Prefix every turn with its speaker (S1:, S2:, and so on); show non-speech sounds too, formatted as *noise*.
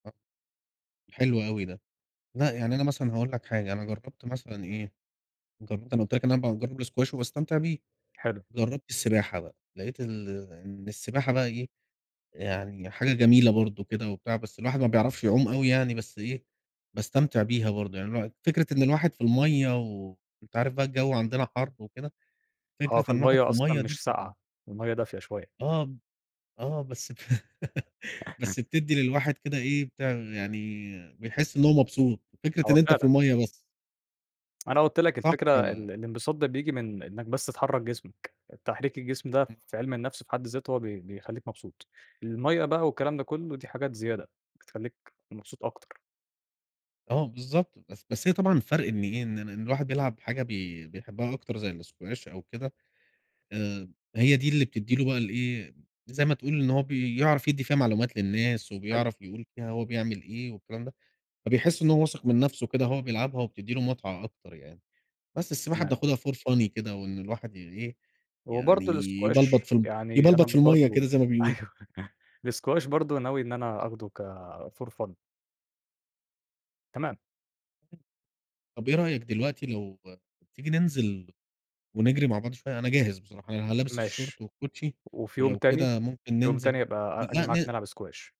S1: آه، حلو أوي ده. لأ يعني أنا مثلًا هاقول لك حاجة. أنا جرّبت مثلًا إيه أنا قلت لك إن أنا باجرب الSquash وباستمتع بيه.
S2: حلو.
S1: جرّبت السباحة بقى، لقيت إن إن السباحة بقى إيه، يعني حاجة جميلة برضو كده وبتاع، بس الواحد ما بيعرفش يعوم أوي يعني. بس إيه، باستمتع بيها برضو. يعني الواحد فكرة إن الواحد في المَيّة، وأنت عارف بقى الجو عندنا حَر وكده،
S2: أه
S1: فكرة إن الواحد في
S2: فالمَيّة أصلًا
S1: المَيّة دي
S2: مش
S1: بتبقى
S2: ساقعة. المَيّة دافية شوية.
S1: آه، آه بس *chuckles*
S2: *chuckles*
S1: بس بتدّي للواحد كده إيه بتاع يعني بيحس إن هو مبسوط، فكرة إن
S2: أه
S1: أنت في
S2: فعلًا.
S1: المَيّة بس.
S2: أنا قُلت لك
S1: صح.
S2: الفكرة ال الانبساط ده بيجي من إنك بس تحرّك جسمك. تحريك الجسم ده
S1: إمم.
S2: في علم النفس في حد ذاته هو بي بيخليك مبسوط. المَيّة بقى والكلام ده كله دي حاجات زيادة بتخليك مبسوط أكتر.
S1: آه بالضبط، بس بس هي طبعًا الفرق إن إيه، إن الواحد بيلعب حاجة بي بيحبها أكتر، زي الSquash أو كده. آآ هي دي اللي بتدّي له بقى الإيه، زي ما تقول إن هو بيعرف يدّي فيها معلومات للناس،
S2: حلو.
S1: وبيعرف يقول فيها هو بيعمل إيه والكلام ده. فبيحس إن هو واثق من نفسه كده وهو بيلعبها، وبتدّي له متعة أكتر يعني. بس السباحة
S2: تمام.
S1: بناخدها for funny كده، وإن الواحد إيه يعني
S2: وبرضو الsquash
S1: يبلبط في ال
S2: يعني أنا
S1: يبلبط في المَيّة كده،
S2: برضو
S1: زي ما بيقولوا.
S2: أيوة. الsquash برضو ناوي إن أنا آخده كfor fun. تمام.
S1: طَب إيه رأيك دلوقتي لو تيجي ننزل ونجري مع بعض شوية، أنا جاهز بصراحة، أنا لابس الشورت
S2: ماشي.
S1: والكوتشي،
S2: وفي يوم
S1: ولو
S2: تاني
S1: كده ممكن
S2: يوم
S1: ننزل.
S2: تاني أبقى أ آجي
S1: لأ
S2: معاك
S1: ن
S2: نلعب squash.